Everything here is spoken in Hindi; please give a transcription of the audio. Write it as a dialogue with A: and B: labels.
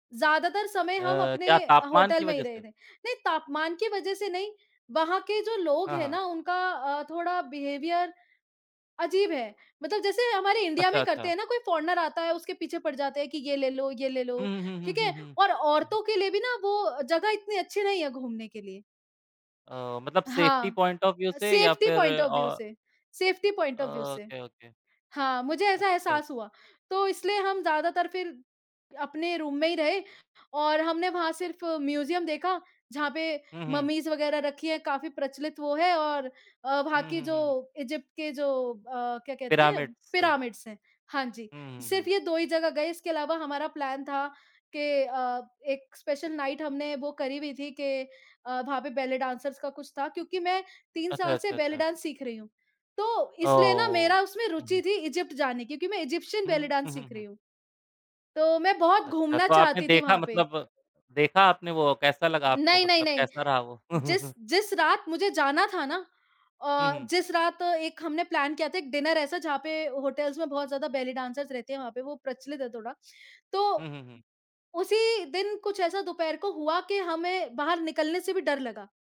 A: ज़्यादातर समय
B: अ,
A: हम अपने
B: क्या
A: अ,
B: तापमान की
A: होटल में ही
B: वजह
A: रहे
B: से?
A: थे। नहीं, तापमान की वजह से नहीं। वहाँ के जो लोग
B: हाँ,
A: हैं
B: हाँ।
A: ना, उनका अ, थोड़ा बिहेवियर अजीब है। मतलब जैसे हमारे इंडिया
B: अच्छा,
A: में करते
B: अच्छा।
A: हैं ना, कोई फ़ॉरेनर आता है, उसके पीछे पड़ जाते हैं कि, "ये ले लो, ये ले
B: हुँ,
A: लो।"
B: हुँ, हुँ,
A: ठीक
B: हुँ, हुँ,
A: है,
B: हुँ।
A: और औरतों के लिए भी ना, वो जगह इतनी अच्छी नहीं है घूमने के लिए।
B: अ, मतलब सेफ्टी
A: हाँ।
B: पॉइंट ऑफ व्यू
A: अ,
B: से या
A: सेफ्टी
B: फिर
A: पॉइंट ऑफ
B: औ
A: व्यू से, सेफ्टी पॉइंट ऑफ व्यू से।
B: Okay, okay.
A: हाँ, मुझे ऐसा
B: अच्छा।
A: एहसास हुआ। तो इसलिए हम ज़्यादातर फिर अपने रूम में ही रहे और हमने वहाँ सिर्फ़ म्यूज़ियम देखा, जहाँ पे
B: हुँ, हुँ।
A: मम्मीज़ वगैरह रखी हैं, काफ़ी प्रचलित वो है और अ, वहाँ
B: हुँ,
A: की
B: हुँ, हुँ।
A: जो इजिप्ट के जो अ, क्या कहते हैं,
B: पिरामिड्स।
A: पिरामिड्स हैं। हाँ जी।
B: हुँ, हुँ, हुँ।
A: सिर्फ़ ये 2 ही जगह गए। इसके अलावा हमारा प्लान था कि अ, एक स्पेशल नाइट हमने बुक करी हुई थी कि अ, वहाँ पे बेली डांसर्स का कुछ था, क्योंकि मैं 3
B: अच्छा,
A: साल से
B: अच्छा,
A: बेली
B: अच्छा।
A: डांस सीख रही हूँ। तो इसलिए ना,
B: ओह!
A: मेरा उसमें
B: हुँ, हुँ।
A: रुचि थी इजिप्ट जाने की, क्योंकि मैं इजिप्शियन बेली
B: हुँ,
A: डांस
B: उहुँ,
A: सीख रही
B: हुँ।
A: हूँ। तो मैं बहुत
B: अच्छा,
A: घूमना
B: तो आपने
A: चाहती थी
B: देखा
A: वहाँ पे।
B: मतलब देखा आपने वो? कैसा लगा आपको
A: नहीं, नहीं,
B: मतलब
A: नहीं,
B: कैसा रहा वो?
A: जिस जिस रात मुझे जाना था ना
B: हुँ,
A: अ,
B: हुँ।
A: जिस रात एक हमने प्लान किया था, एक डिनर ऐसा, जहाँ पे होटल्स में बहुत ज़्यादा बेली डांसर्स रहते हैं, वहाँ पे वो प्रचलित है थोड़ा। तो
B: हुँ, हुँ, हुँ।
A: उसी दिन कुछ ऐसा दोपहर को हुआ कि हमें बाहर निकलने से भी डर लगा।